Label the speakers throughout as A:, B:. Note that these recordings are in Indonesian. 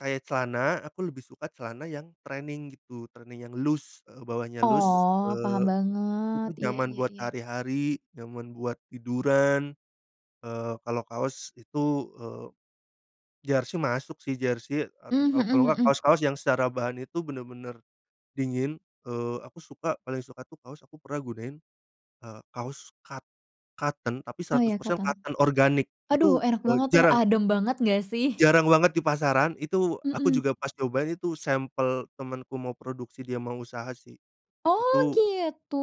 A: Kayak celana, aku lebih suka celana yang training gitu, training yang loose, eee, bawahnya loose,
B: Oh, paham
A: eee,
B: banget.
A: itu
B: Iya
A: nyaman
B: iya
A: buat
B: iya.
A: hari-hari, nyaman buat tiduran. Eee, kalau kaos itu, eee, jersei masuk sih, jersei, eee,
B: Mmm,
A: kalau kalau
B: mhm
A: nggak
B: mhm.
A: kaos-kaos yang secara bahan itu bener-bener dingin. Eee, aku suka, paling suka tuh kaos aku pernah gunain, eee, kaos cot cotton tapi
B: Oh,
A: seratus
B: iya,
A: persen
B: cotton.
A: cotton organik,
B: Aduh,
A: itu,
B: enak
A: eee,
B: banget tuh,
A: jarang.
B: adem banget nggak sih?
A: Jarang banget di pasaran. Itu aku
B: Mhm.
A: juga pas nyobain itu sampel temenku mau produksi, dia mau usaha sih,
B: Oh,
A: itu
B: gitu.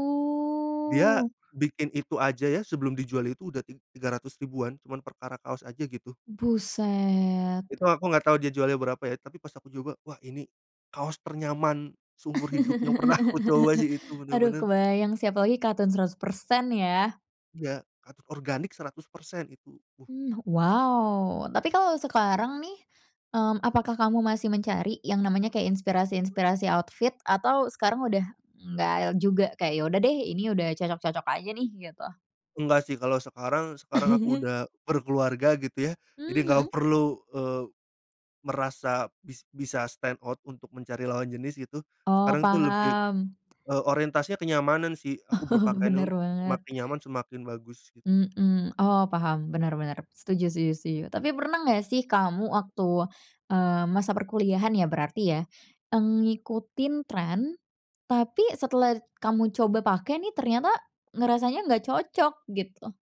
A: dia bikin itu aja ya, sebelum dijual itu udah ti tiga ratus ribuan, cuma perkara kaos aja, gitu.
B: Buset.
A: Itu aku nggak tau dia jualnya berapa ya, tapi pas aku coba, wah, ini kaos ternyaman seumur hidup yang pernah aku coba sih, itu
B: Aduh,
A: bener-bener.
B: kebayang sih apa lagi, cotton 100% ya.
A: Iya, et organik 100% itu tuh.
B: Mmm, wow. Tapi kalo sekarang nih, mmm, apakah kamu masih mencari yang namanya kayak inspirasi-inspirasi outfit atau sekarang udah nggak juga kayak, ya udah deh, ini udah cocok-cocok aja nih, gitu?
A: Enggak sih, kalau sekarang sekarang aku udah berkeluarga, gitu ya. Jadi
B: Mmm,
A: nggak
B: mhm.
A: perlu, eee, merasa bis bisa stand out untuk mencari lawan jenis gitu,
B: Oh,
A: sekarang tuh lebih,
B: paham.
A: eee, orientasinya kenyamanan sih, aku
B: Oh,
A: berpakaian
B: bener
A: untuk
B: banget.
A: semakin nyaman, semakin bagus, gitu.
B: Mhm. Oh, paham, benar benar. Setuju setuju- setuju. Tapi pernah nggak sih kamu waktu, eee, masa perkuliahan ya, berarti ya, mmm, ngikutin trend, tapi setelah kamu coba pake nih, ternyata ngerasanya nggak cocok, gitu?